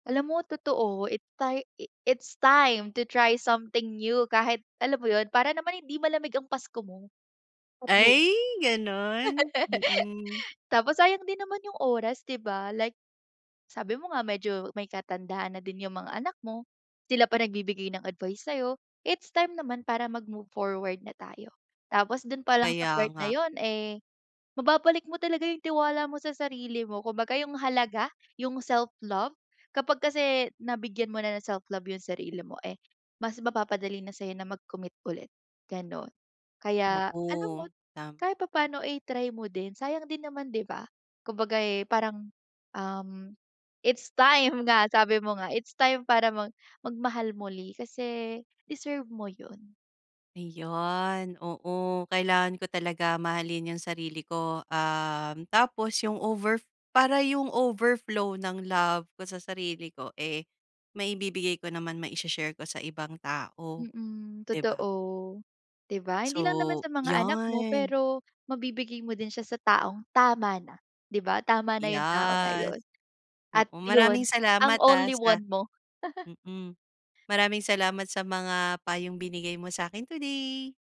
Alam mo totoo it tai it's time to try something new kahit alam mo yun para naman hindi malamig ang Pasko mo. [unintelligible] Ay, ganun, mm. Tapos sayang din naman yung oras 'di ba like sabi mo nga medyo may katandaan na din yung mga anak mo, sila pa nagbibigay ng advice sa'yo, it's time naman para mag-move forward na tayo. Tapos dun palang sa Kaya part na nga. yun, eh, mababalik mo talaga yung tiwala mo sa sarili mo kumbaga yung halaga, yung self-love, kapag kasi nabigyan mo na ng self love yung sarili mo, eh, mas mapapadali na sa'yo na mag-commit ulit, gano'n. Kaya alam mo Oo, tam kahit papaano i-try mo din, sayang din naman 'di ba? Kumbaga, eh, parang, um, it's time nga sabi mo nga, it's time para mag mag-mahal muli kasi deserve mo yun. Ayun, oo kailangan ko talaga mahalin yung sarili ko, um, tapos yung over para yung overflow ng love ko sa sarili ko, eh, maibibigay ko naman maise-share ko sa ibang tao. Mm, 'Di ba? totoo, 'Di ba hindi lang naman So sa mga anak mo, 'yan. pero mabibigay mo din siya sa taong tama na 'di ba? Tama na yung tao na Yes. yun, at Oo, maraming yun ang salamat, ah, only sa one mo. mm. Maraming salamat sa mga payong binigay mo sa'kin today.